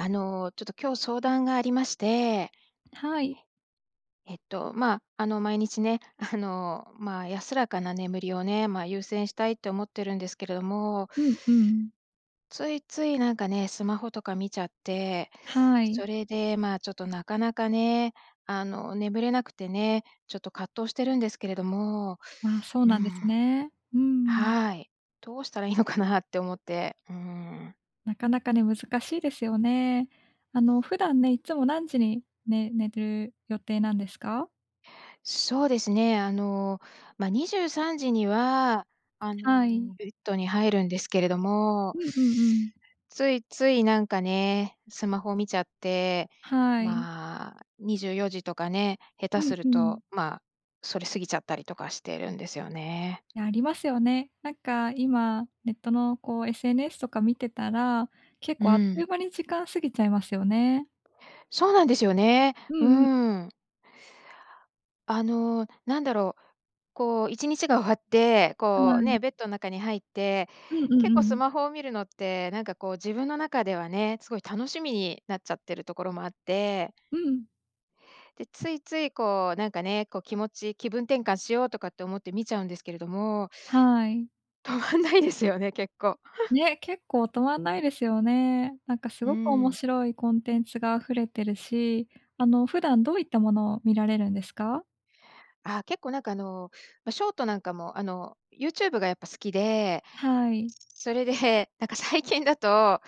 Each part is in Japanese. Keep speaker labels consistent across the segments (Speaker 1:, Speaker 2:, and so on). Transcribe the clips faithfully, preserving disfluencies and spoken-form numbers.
Speaker 1: あの、ちょっと今日相談がありまして。
Speaker 2: はい。
Speaker 1: えっと、まあ、あの、毎日ね、あの、まあ、安らかな眠りをね、まあ、優先したいって思ってるんですけれども。
Speaker 2: うんうん。
Speaker 1: ついついなんかね、スマホとか見ちゃって、
Speaker 2: はい。
Speaker 1: それで、まあ、ちょっとなかなかね、あの、眠れなくてね、ちょっと葛藤してるんですけれども
Speaker 2: ああ、そう
Speaker 1: う
Speaker 2: なんです
Speaker 1: ん。
Speaker 2: ね。うん。
Speaker 1: はい。どうしたらいいのかなって思って、うーん。
Speaker 2: なかなかね、難しいですよね。あの、普段ね、いつも何時に、ね寝る予定なんですか？
Speaker 1: そうですね。あの、まあ、にじゅうさんじには、あ
Speaker 2: はい。
Speaker 1: の、ベッドに入るんですけれども。
Speaker 2: うんうんうん。
Speaker 1: ついついなんかね、スマホを見ちゃって、
Speaker 2: はい。
Speaker 1: まあ、にじゅうよじとかね、下
Speaker 2: う
Speaker 1: 手
Speaker 2: ん
Speaker 1: する
Speaker 2: うん。
Speaker 1: と、まあ、それ過ぎちゃったりとかしてるんですよね。
Speaker 2: や、ありますよね。なんか今ネットの、こう、SNS とか見てたら、結
Speaker 1: う
Speaker 2: 構あっという
Speaker 1: ん。
Speaker 2: 間に時間過ぎちゃいますよね。
Speaker 1: そうなんですよね。
Speaker 2: う
Speaker 1: う
Speaker 2: んうん。
Speaker 1: ん。あの、なんだろう、こう、いちにちが終わって、
Speaker 2: は
Speaker 1: こう
Speaker 2: い。
Speaker 1: ね、ベッドの中に入って
Speaker 2: うんうん
Speaker 1: 結
Speaker 2: う
Speaker 1: 構ス
Speaker 2: ん。
Speaker 1: マホを見るのってなんか、こう、自分の中ではね、すごい楽しみになっちゃってるところもあって。
Speaker 2: うん。
Speaker 1: で、ついつい、こう、なんかね、こう、気持ち気分転換しようとかって思って見ちゃうんですけれども。
Speaker 2: はい。
Speaker 1: 止まんないですよね結構。
Speaker 2: ね、結構止まんないですよね。なんかす
Speaker 1: う
Speaker 2: ごく面
Speaker 1: ん。
Speaker 2: 白いコンテンツが溢れてるし、あの、普段どういったものを見られるんですか？
Speaker 1: あ、結構、なんか、あの、ま、ショートなんかも、あの、ユーチューブが、やっぱ、好きで、
Speaker 2: はーい。
Speaker 1: それで、なんか、最近だと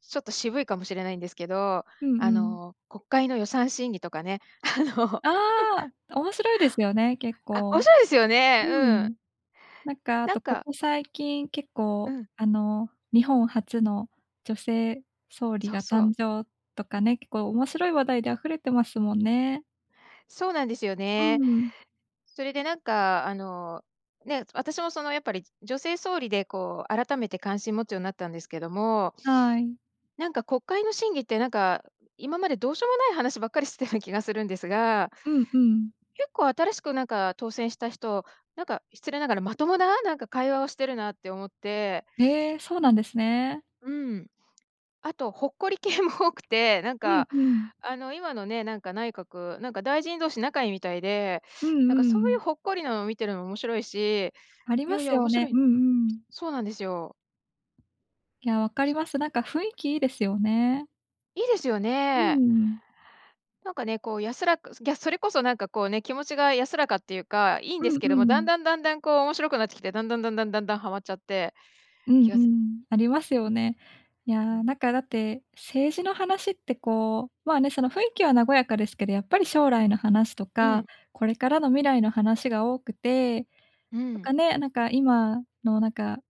Speaker 1: ちょっと渋いかもしれないんですけど、
Speaker 2: うん
Speaker 1: あ
Speaker 2: うん。
Speaker 1: の、国会の予算審議とかね、あの、
Speaker 2: ああ、面白いですよね、結
Speaker 1: あ、面
Speaker 2: 構。
Speaker 1: 白いですよね。
Speaker 2: う
Speaker 1: うん。
Speaker 2: ん。なんか、あ
Speaker 1: なん
Speaker 2: と、こ
Speaker 1: か
Speaker 2: こ最近結
Speaker 1: う
Speaker 2: 構、
Speaker 1: ーん。
Speaker 2: あの、日本初の女性総理
Speaker 1: そう
Speaker 2: が
Speaker 1: そう。
Speaker 2: 誕生とかね、結構面白い話題で溢れてますもんね。
Speaker 1: そうなんですよ
Speaker 2: う
Speaker 1: ね。
Speaker 2: ん。
Speaker 1: それで、なんかあの、ね、私も、その、やっぱり、女性総理でこう改めて関心持つようになったんですけども
Speaker 2: はい。
Speaker 1: なんか、国会の審議って、なんか、今までどうしようもない話ばっかりしてたような気がするんですが
Speaker 2: うんうん。
Speaker 1: 結構新しく、なんか、当選した人、なんか、失礼ながらまともな、なんか、会話をしてるなって思って。
Speaker 2: ええ、そうなんですね。
Speaker 1: うん。あとほっこり系も多くて、なん
Speaker 2: うん
Speaker 1: か、
Speaker 2: うん。
Speaker 1: あの、今のね、なんか、内閣、なんか、大臣同士仲いいみたいで、
Speaker 2: うん
Speaker 1: なんか、そ
Speaker 2: う
Speaker 1: うい
Speaker 2: ん。
Speaker 1: うほっこりなの見てるのも面白いし、
Speaker 2: あり
Speaker 1: い
Speaker 2: ま
Speaker 1: やい
Speaker 2: す
Speaker 1: や、
Speaker 2: よ
Speaker 1: 面
Speaker 2: ね。
Speaker 1: 白
Speaker 2: う
Speaker 1: い。
Speaker 2: んうん。
Speaker 1: そうなんですよ。
Speaker 2: や、分かります。なんか雰囲気いいですよね。
Speaker 1: いいですよ
Speaker 2: うー
Speaker 1: ね。
Speaker 2: ん。
Speaker 1: なんかね、こう、安らくいや、それこそなんか、こうね、気持ちが安らかっていうか、いいん
Speaker 2: う
Speaker 1: で
Speaker 2: ん
Speaker 1: すけ
Speaker 2: う
Speaker 1: ども、だん
Speaker 2: ん。
Speaker 1: だんだんだん、こう、面白くなってきて、だんだんだんだんだんだんはまっちゃって、
Speaker 2: うん
Speaker 1: 気
Speaker 2: う
Speaker 1: がつ
Speaker 2: ん。ありますよね。や
Speaker 1: う
Speaker 2: あ、
Speaker 1: ん。
Speaker 2: なんかだって政治の話って、こう、まあね、その、雰囲気は和やかですけど、やっぱり将来の話と
Speaker 1: う
Speaker 2: か、
Speaker 1: ん。
Speaker 2: これからの未来の話が多くて、
Speaker 1: う
Speaker 2: なん
Speaker 1: ん。
Speaker 2: かね、なんか今の、なんか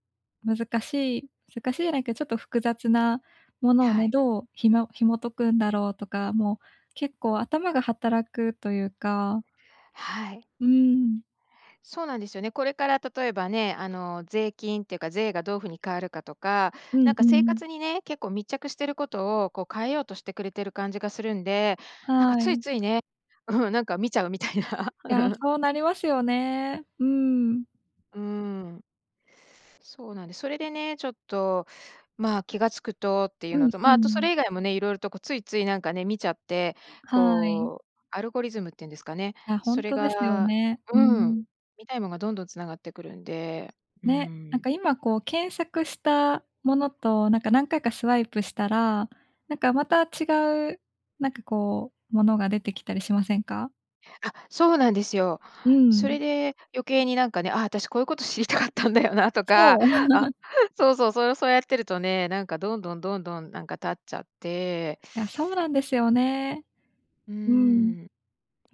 Speaker 2: 難しい難しいじゃないけどちょっと複雑なものを
Speaker 1: は
Speaker 2: ね、
Speaker 1: い。
Speaker 2: どう紐紐解くんだろうとか、もう、結構、頭が働くというか。
Speaker 1: はい。
Speaker 2: うーん。
Speaker 1: そうなんですよね。これから、例えばね、あの、税金ってか税がどういうふうに変わるかとか、
Speaker 2: う
Speaker 1: な
Speaker 2: ん
Speaker 1: ん
Speaker 2: う
Speaker 1: か生活
Speaker 2: ん。
Speaker 1: にね、結構密着してることを、こう、変えようとしてくれてる感じがするんで、なんか
Speaker 2: は
Speaker 1: つい
Speaker 2: い。
Speaker 1: ついね。うん、なんか見ちゃうみたい
Speaker 2: や、
Speaker 1: な。
Speaker 2: そうなりますよね。うーん。
Speaker 1: うーん。そうなんです。それでね、ちょっと、まあ、気が付くとってい
Speaker 2: う
Speaker 1: うの
Speaker 2: ん
Speaker 1: と、
Speaker 2: う
Speaker 1: まあ、あとそ
Speaker 2: ん。
Speaker 1: れ以外もね、色々と、こう、ついついなんかね、見ちゃって、
Speaker 2: はい。
Speaker 1: こう、アルゴリズムっていうんですかね、
Speaker 2: あ、
Speaker 1: そ
Speaker 2: 本
Speaker 1: れ
Speaker 2: 当ですよ
Speaker 1: が
Speaker 2: ね。うー
Speaker 1: うん、
Speaker 2: ん。
Speaker 1: 見たいもんがどんどん繋がってくるんで、うー
Speaker 2: ね、なん
Speaker 1: ん。
Speaker 2: か今、こう、検索したものと、なんか何回かスワイプしたら、なんか、また違うなんか、こう、ものが出てきたりしませんか？
Speaker 1: あ、そうなんですよ。
Speaker 2: う
Speaker 1: そ
Speaker 2: ん。
Speaker 1: れで余計になんかね、あ、私こういうこと知りたかったんだよなとか、
Speaker 2: そう。
Speaker 1: あ、そうそうそう、そうやってるとね、なんかどんどんどんどんなんか経っちゃって。
Speaker 2: いや、そうなんですよね。
Speaker 1: う
Speaker 2: うん。
Speaker 1: ん。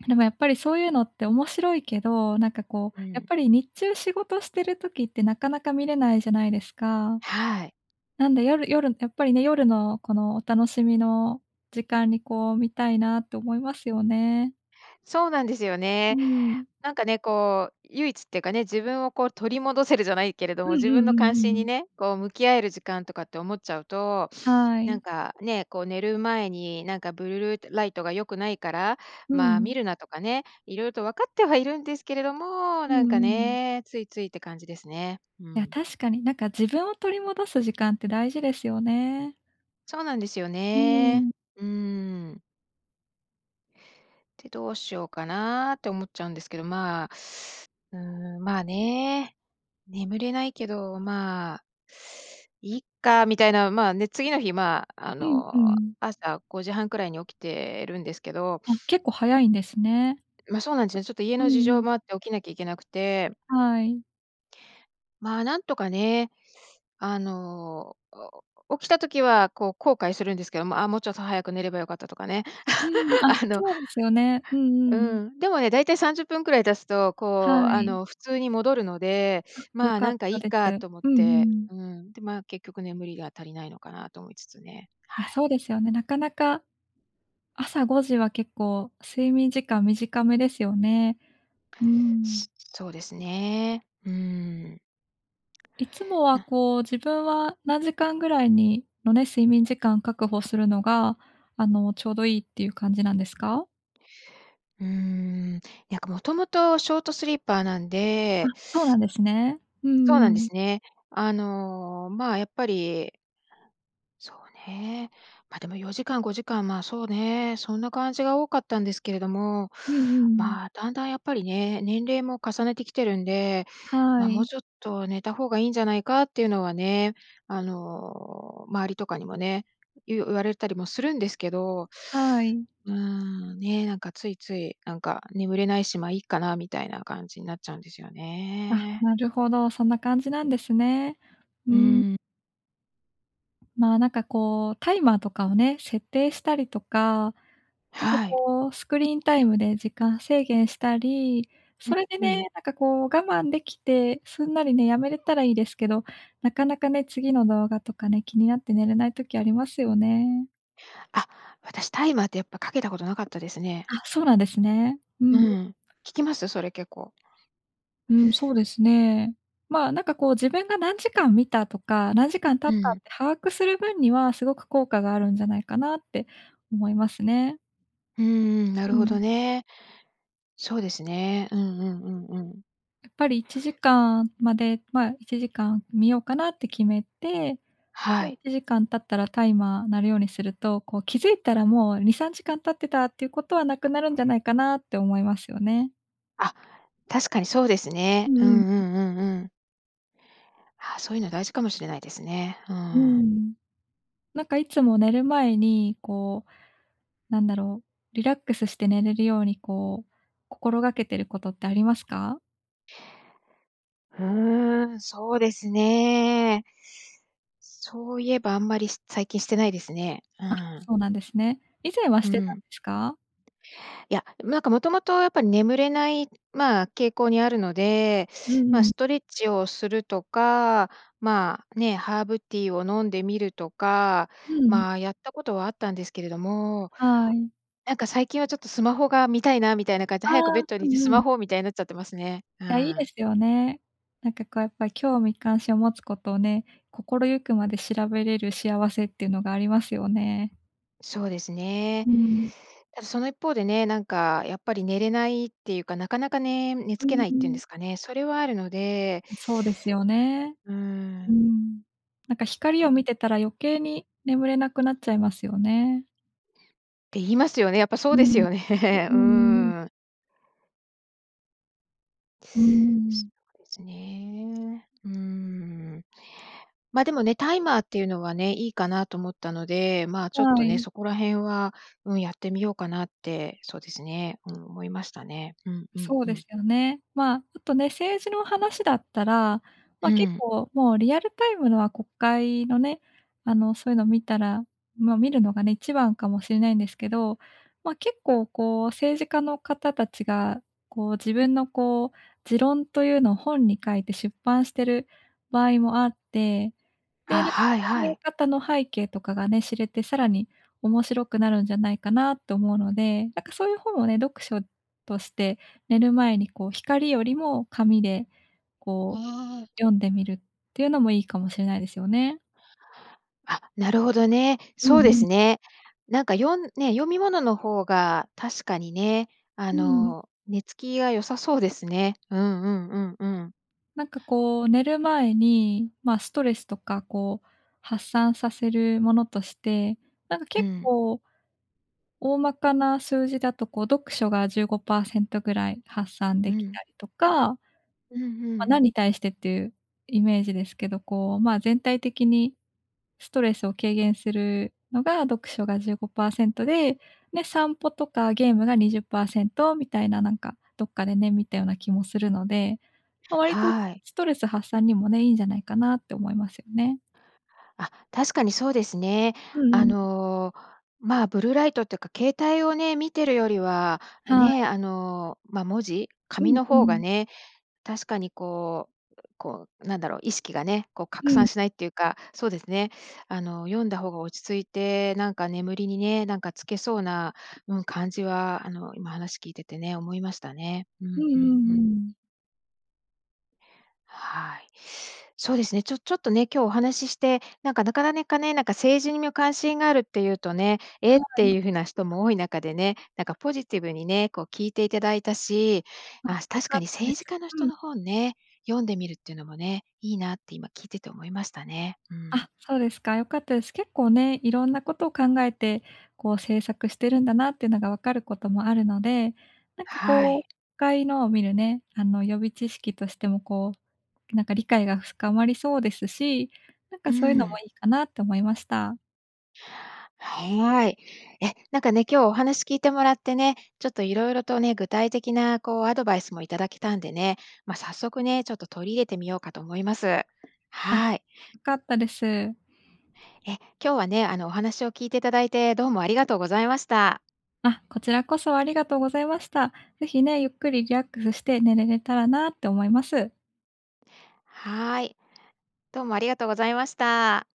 Speaker 2: でもやっぱりそういうのって面白いけど、なんかこう
Speaker 1: う
Speaker 2: やっ
Speaker 1: ん。
Speaker 2: ぱり、日中仕事してる時って、なかなか見れないじゃないですか。
Speaker 1: はい。
Speaker 2: なんで夜夜、やっぱりね、夜のこの、お楽しみの時間にこう見たいなって思いますよね。
Speaker 1: そうなんですよ
Speaker 2: う
Speaker 1: ね。
Speaker 2: ん。
Speaker 1: なんかね、こう唯一ってかね、自分をこう取り戻せるじゃないけれど
Speaker 2: う
Speaker 1: も、
Speaker 2: んう
Speaker 1: 自分
Speaker 2: ん
Speaker 1: の
Speaker 2: うんう
Speaker 1: 関
Speaker 2: ん
Speaker 1: 心
Speaker 2: う
Speaker 1: に
Speaker 2: ん。
Speaker 1: ね、こう向き合える時間とかって思っちゃうと、
Speaker 2: は
Speaker 1: なん
Speaker 2: い。
Speaker 1: かね、こう寝る前になんかブルルライトが良くないから、
Speaker 2: う
Speaker 1: ま、見
Speaker 2: ん。
Speaker 1: るなとかね、色々と分かってはいるんですけれども、
Speaker 2: うん
Speaker 1: なん
Speaker 2: う
Speaker 1: か
Speaker 2: ん。
Speaker 1: ね、ついついって感じですね。う
Speaker 2: いや、
Speaker 1: ん。
Speaker 2: 確かになんか自分を取り戻す時間って大事ですよね。
Speaker 1: そうなんですよ
Speaker 2: う
Speaker 1: ね。
Speaker 2: ん。
Speaker 1: うん。て、どうしようかなって思っちゃうんですけど、まあ、うん、まあね、眠れないけど、まあ、いっかみたいな、まあね、次の日まあ、あ
Speaker 2: うん、う
Speaker 1: の、
Speaker 2: ん。
Speaker 1: 朝ごじはんくらいに起きてるんですけど。
Speaker 2: あ、結構、早いんですね。
Speaker 1: ま、そうなんですよね、ちょっと家
Speaker 2: うん
Speaker 1: の事
Speaker 2: う
Speaker 1: 情も
Speaker 2: ん。
Speaker 1: あって起きなきゃいけなくて
Speaker 2: はい。
Speaker 1: ま、なんとかね、あの、お起きた時は、こう、後悔するんですけども、あ、もう、ちょっと早く寝れば良かったとかね。
Speaker 2: うんうん、あ、
Speaker 1: あの
Speaker 2: そうですよね。うんう
Speaker 1: う
Speaker 2: んうん。
Speaker 1: ん、でもね、だいたいさんじゅっぷんくらい経つと、
Speaker 2: は
Speaker 1: こう、あ
Speaker 2: い。
Speaker 1: の、普通に戻るので、
Speaker 2: あっ、良
Speaker 1: ま、
Speaker 2: かっ
Speaker 1: なんか、い
Speaker 2: た
Speaker 1: い
Speaker 2: です。
Speaker 1: かと思っ
Speaker 2: うんうん
Speaker 1: て、
Speaker 2: うん。
Speaker 1: うん、で、ま、結局眠りが足りないのかなと思いつつね。
Speaker 2: いや、
Speaker 1: はい。
Speaker 2: そうですよね。なかなか、朝ごじは結構睡眠時間短めですよね。うーん。
Speaker 1: そうですね。うん。
Speaker 2: いつもは、
Speaker 1: な。
Speaker 2: こう、自分は何時間ぐらいにのね、睡眠時間を確保するのが、あの、ちょうどいいっていう感じなんですか？
Speaker 1: うんうん、にゃんか、もともと、ショートスリーパーなん
Speaker 2: あっ、
Speaker 1: で。
Speaker 2: そうなんですね。うんう
Speaker 1: そうな
Speaker 2: んう
Speaker 1: んで
Speaker 2: ん。
Speaker 1: すね。あの、ま、やっぱりそうね。ま、でも、よじかん、ごじかんま、そうね、そんな感じが多かったんですけれども、
Speaker 2: うんうんうん。
Speaker 1: ま、だんだん、やっぱりね、年齢も重ねてきてるんで、
Speaker 2: は
Speaker 1: ま、もう、
Speaker 2: い。
Speaker 1: ちょっと寝た方がいいんじゃないかっていうのはね、あの、周りとかにもね、いう言われたりもするんですけど、
Speaker 2: はい。
Speaker 1: うん、ね、なんか、ついつい、なんか、眠れないし、まあ、いっかなみたいな、感じになっちゃうんですよ
Speaker 2: あっ、
Speaker 1: ね。
Speaker 2: なるほど。そんな感じなんですね。う
Speaker 1: うー
Speaker 2: ん。
Speaker 1: ん。
Speaker 2: ま、なんかこう、タイマーとかをね、設定したりとか、なんか
Speaker 1: はい。
Speaker 2: こう、スクリーンタイムで時間制限したり、
Speaker 1: ん、
Speaker 2: それで
Speaker 1: うん。
Speaker 2: ね、なんかこう、我慢できてすんなりね、やめれたらいいですけど、なかなかね、次の動画とかね、気になって寝れない時ありますよね。
Speaker 1: あ、私、タイマーってやっぱかけたことなかったですね。
Speaker 2: あ、そうなんですね。う
Speaker 1: う
Speaker 2: ん。
Speaker 1: ん、効きます？それ結構。
Speaker 2: うん、そうですね。まあ、なんか、こう、自分が何時間見たとか、何時間経っ
Speaker 1: う
Speaker 2: たっ
Speaker 1: ん。
Speaker 2: て把握する分にはすごく効果があるんじゃないかなって思いますね。
Speaker 1: うんうん、な
Speaker 2: う
Speaker 1: るほ
Speaker 2: ん。
Speaker 1: どね。そうですね。うんうんうんうん。
Speaker 2: やっぱりいちじかんまでまあ、いちじかん見ようかなって決めて、じ
Speaker 1: は
Speaker 2: ゃあ、い
Speaker 1: い。
Speaker 2: ちじかん経ったらタイマー鳴るようにすると、こう、気づいたら、もう、にさんじかん経ってたっていうことは、なくなるんじゃないかなって思いますよね。
Speaker 1: あ、確かにそうです
Speaker 2: う
Speaker 1: ね。うん
Speaker 2: んうん、
Speaker 1: う
Speaker 2: うん。
Speaker 1: んうんうん。あ、そういうの大事かもしれないですね。うー
Speaker 2: うんう
Speaker 1: ん。
Speaker 2: んうん。なんかいつも寝る前に、こう、なんだろう、リラックスして寝れるように、こう、心がけてることってありますか？
Speaker 1: ふうん、そうですね。そういえばあんまり、し最近してないですね。う
Speaker 2: あ、
Speaker 1: ん。
Speaker 2: そうなんですね。以前は
Speaker 1: う
Speaker 2: してたん
Speaker 1: ん。
Speaker 2: ですか？
Speaker 1: いや、でも、なんかもともとやっぱり眠れない、まあ、傾向にあるので、
Speaker 2: う
Speaker 1: まあ、
Speaker 2: んうん。
Speaker 1: ストレッチをするとか、まあね、ハーブティーを飲んでみるとか、
Speaker 2: うん。
Speaker 1: まあ、やったことはあったんですけれども。
Speaker 2: はい。
Speaker 1: なんか最近はちょっとスマホが見たいなみたいな感じで、
Speaker 2: ああ、
Speaker 1: 早くベッドに
Speaker 2: う
Speaker 1: 行って
Speaker 2: ん
Speaker 1: ス
Speaker 2: う
Speaker 1: マ
Speaker 2: ん。
Speaker 1: ホ、みたいになっちゃってますね。う
Speaker 2: いや、いいで
Speaker 1: ん。
Speaker 2: すよね。なんか、こう、やっぱり興味関心を持つことをね、心ゆくまで調べれる幸せっていうのがありますよね。
Speaker 1: そうですね。
Speaker 2: うーん。
Speaker 1: ただその一方でね、なんか、やっぱり、寝れないっていうか、なかなかね、寝
Speaker 2: う
Speaker 1: 付け
Speaker 2: ん、
Speaker 1: ないっ
Speaker 2: う
Speaker 1: ていうんで
Speaker 2: ん。
Speaker 1: すかね。それはあるので、
Speaker 2: うん、そうですよね、
Speaker 1: うー
Speaker 2: う
Speaker 1: ん。
Speaker 2: ん。なんか、
Speaker 1: あ
Speaker 2: 光を
Speaker 1: ど。
Speaker 2: 見てたら余計に眠れなくなっちゃいますよね。
Speaker 1: って言いますよね。やっぱそ
Speaker 2: う
Speaker 1: うです
Speaker 2: ん、
Speaker 1: よね。
Speaker 2: う
Speaker 1: う
Speaker 2: んうんうん。
Speaker 1: ーん。
Speaker 2: うーん。
Speaker 1: そうですね。うーん。までもね、タイマーっていうのはね、いいかなと思ったので、まあ、
Speaker 2: は
Speaker 1: ちょっとね、
Speaker 2: い。
Speaker 1: そこら辺は、うん、やってみようかなって、そうですね、うん、思いましたね。うん、うん、
Speaker 2: そう
Speaker 1: う
Speaker 2: で
Speaker 1: ん。
Speaker 2: すよね。まあ、ちょっとね、政治の話だったら、ま、
Speaker 1: う
Speaker 2: 結
Speaker 1: ん。
Speaker 2: 構、もう、リアルタイムのは国会のね、あの、そういうの見たらま、見るのがね、一番かもしれないんですけど、ま、結構、こう、政治家の方たちが、こう、自分の、こう、持論というのを本に書いて出版してる場合もあって、
Speaker 1: あ、
Speaker 2: で、、
Speaker 1: はい
Speaker 2: 考
Speaker 1: は
Speaker 2: え
Speaker 1: い。
Speaker 2: 方の背景とかがね、知れて、さらに面白くなるんじゃないかなと思うので、なんか、そういう本をね、読書として寝る前に、こう、光よりも紙で、こ
Speaker 1: わ
Speaker 2: う、読んでみるっていうのもいいかもしれないですよね。
Speaker 1: あっ、なるほどね。
Speaker 2: うんう
Speaker 1: そうです
Speaker 2: ん。
Speaker 1: ね。なんか、よんね、読み物の方が確かにね、あ
Speaker 2: うーん。
Speaker 1: の、寝つきが良さそうですね。うんうんうん、うん。
Speaker 2: なんか、こう寝る前に、ま、ストレスとか、こう、発散させるものとして、なんか、
Speaker 1: う
Speaker 2: 結
Speaker 1: ん。
Speaker 2: 構大まかな数字だと、こう、読書がじゅうごパーセントぐらい発散
Speaker 1: う
Speaker 2: でき
Speaker 1: ん。
Speaker 2: たりとか
Speaker 1: うんう
Speaker 2: ま、
Speaker 1: ん。
Speaker 2: なんに対してっていうイメージですけど、こう、まあ、全体的にストレスを軽減するのが読書がじゅうごパーセントで、で、散歩とかゲームがにじゅっパーセントみたいな、なんか、どっかでね、見たような気もするので、ま、割と
Speaker 1: はい。
Speaker 2: ストレス発散にもね、いんじゃないかなって思いますよね。
Speaker 1: あ、確かにそうですね。
Speaker 2: うう
Speaker 1: あ
Speaker 2: ん。
Speaker 1: の、まあ、ブルーライトてか携帯をね見てるよりは
Speaker 2: はい。
Speaker 1: ね、あの、ま、文字
Speaker 2: う
Speaker 1: 紙
Speaker 2: ん、
Speaker 1: の
Speaker 2: う
Speaker 1: 方が
Speaker 2: ん。
Speaker 1: ね、確かにこう、こうなんだろう、意識がね、こう、
Speaker 2: う
Speaker 1: 拡
Speaker 2: ん。
Speaker 1: 散しないっていうか、そうですね、あの、読んだ方が落ち着いて、なんか眠りにね、なんかつけそうな、うん、感じは、あの、今話聞いててね、思いましたね。うん、
Speaker 2: うんう
Speaker 1: う
Speaker 2: んう
Speaker 1: ん、
Speaker 2: ん
Speaker 1: う
Speaker 2: う
Speaker 1: ん。
Speaker 2: ん。
Speaker 1: はい、そうですね、ちょちょっとね、今日お話しして、なんか、なかなねかね、なんかにみを関心があるって言うとね、え
Speaker 2: は
Speaker 1: って
Speaker 2: い。
Speaker 1: いう風な人も多い中でね、なんかポジティブにね、こう聞いていただいたし、あ、
Speaker 2: あ、よ
Speaker 1: 確
Speaker 2: か
Speaker 1: か
Speaker 2: っ
Speaker 1: に
Speaker 2: たんで
Speaker 1: 政
Speaker 2: す。
Speaker 1: 治家の人
Speaker 2: うん。
Speaker 1: の本ね、読んでみるっていうのもね、いいなって今聞いてて思いましたね。うん。
Speaker 2: あ、そうですか。良かったです。結構ね、いろんなことを考えて、こう政策してるんだなっていうのが分かることもあるので、なんか
Speaker 1: は
Speaker 2: 国
Speaker 1: い。
Speaker 2: 会のを見るね、あの予備知識としてもこう、なんか理解が深まりそうですし、なん
Speaker 1: う
Speaker 2: か
Speaker 1: ー
Speaker 2: そういうのも
Speaker 1: ん。
Speaker 2: いいかなと思いました。
Speaker 1: はい。え、なんかね、今日お話聞いてもらってね、ちょっと色々とね、具体的なこうアドバイスも頂けたんでね、ま、早速ね、ちょっと取り入れてみようかと思います。
Speaker 2: あ、
Speaker 1: はい。
Speaker 2: 良かったです。
Speaker 1: え、今日はね、あのお話を聞いていただいてどうもありがとうございました。
Speaker 2: あ、こちらこそありがとうございました。ぜひね、ゆっくりリラックスして寝れれたらなって思います。
Speaker 1: はい。どうもありがとうございました。